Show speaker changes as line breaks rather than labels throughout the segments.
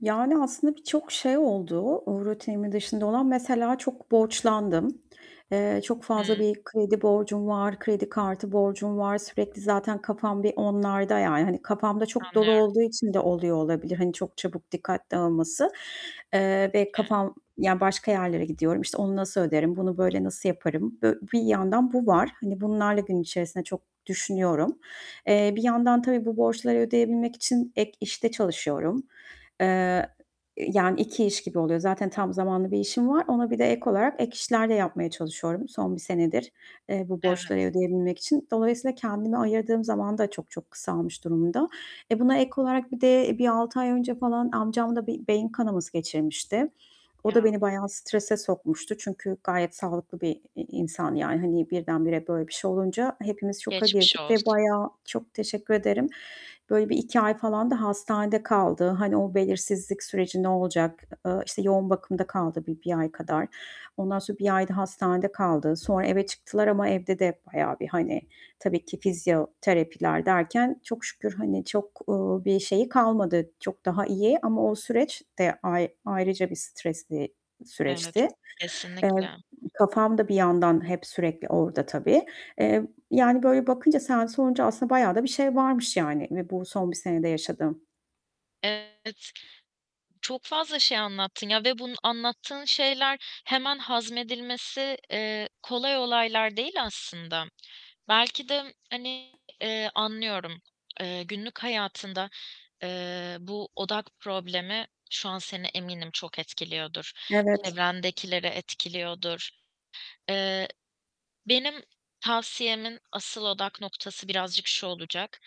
Yani, aslında birçok şey oldu rutinimin dışında olan. Mesela çok borçlandım. Eee, çok
I
fazla
hı.
bir kredi borcum var, kredi kartı borcum var. Sürekli zaten kafam bir onlarda. Yani hani, kafam da çok dolu
Anlıyorum.
olduğu için de oluyor olabilir, hani, çok çabuk dikkat dağılması, eee,
Tabii
ve
ki.
kafam ya, başka yerlere gidiyorum. İşte, onu nasıl öderim, bunu böyle nasıl yaparım. Bi bir yandan bu var. Hani, bunlarla gün içerisinde çok düşünüyorum. Eee, bir yandan tabii bu borçları ödeyebilmek için ek işte çalışıyorum, eee, yani 2 iş gibi oluyor. Zaten tam zamanlı bir işim var. Ona birde ek olarak ek işler de yapmaya çalışıyorum, son 1 senedir, eee, bu borçları
Evet.
ödeyebilmek için. Dolayısıyla kendime ayırdığım zaman da çok çok kısalmış durumda. E, buna ek olarak bir de bir 6 ay önce falan amcam da bir beyin kanaması geçirmişti. O
Ya!
da beni bayağı strese sokmuştu. Çünkü gayet sağlıklı bir i insan yani, hani, birdenbire böyle bir şey olunca hepimiz şoka
Geçmiş
girdik ve
olsun.
bayağı Çok teşekkür ederim. Böyle bir 2 ay falan da hastanede kaldı. Hani, o belirsizlik süreci ne olacak? E eee, işte, yoğun bakımda kaldı bir bir ay kadar. Ondan sonra 1 ayda hastanede kaldı. Sonra eve çıktılar ama evde de bayağı bir, hani, tabii ki fizyoterapiler derken çok şükür hani, çok, ııı, bir şeyi kalmadı. Çok daha iyi ama o süreç de ay ayrıca bir stresli
Evet,
süreçti. Eee,
kesinlikle.
kafam da bir yandan hep sürekli orda tabii, eee, yani, böyle bakınca sen sorunca aslında bayağı da bir şey varmış yani ve bu son 1 senede yaşadığım.
Evet. Çok fazla şey anlattın ya ve bunun anlattığın şeyler hemen hazmedilmesi, eee, kolay olaylar değil aslında. Belki de, hani, eee, anlıyorum. Eee, günlük hayatında, eee, bu odak problemi şu an seni eminim çok etkiliyordur.
Evet.
Çevrendekileri etkiliyordur. Eee, benim tavsiyemin asıl odak noktası birazcık şu olacak: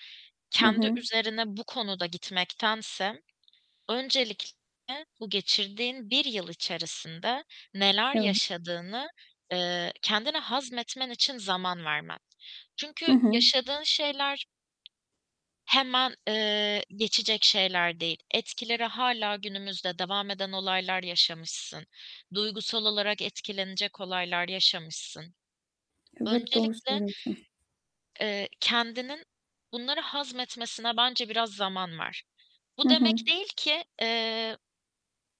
Hı
Kendi
hı.
üzerine bu konuda gitmektense öncelikle bu geçirdiğin 1 yıl içerisinde neler
Yam
yaşadığını, eee, kendine hazmetmen için zaman vermen.
Hı
Çünkü
hı.
yaşadığın şeyler hemen, eee, geçecek şeyler değil. Etkileri hâlâ günümüzde devam eden olaylar yaşamışsın. Duygusal olarak etkilenecek olaylar yaşamışsın.
Evet, doğru
Öncelikle
söylüyorsun.
eee, kendinin bunları hazmetmesine bence biraz zaman ver.
Hı
Bu
hı.
demek değil ki, eee,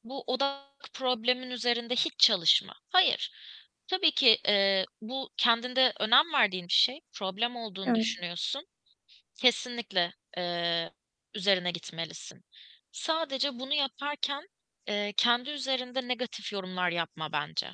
bu odak problemin üzerinde hiç çalışma. Hayır, tabii ki, eee, bu kendinde önem verdiğin bir şey, problem olduğunu
Evet.
düşünüyorsun. Kesinlikle, eee, üzerine gitmelisin. Sadece bunu yaparken, eee, kendi üzerinde negatif yorumlar yapma bence.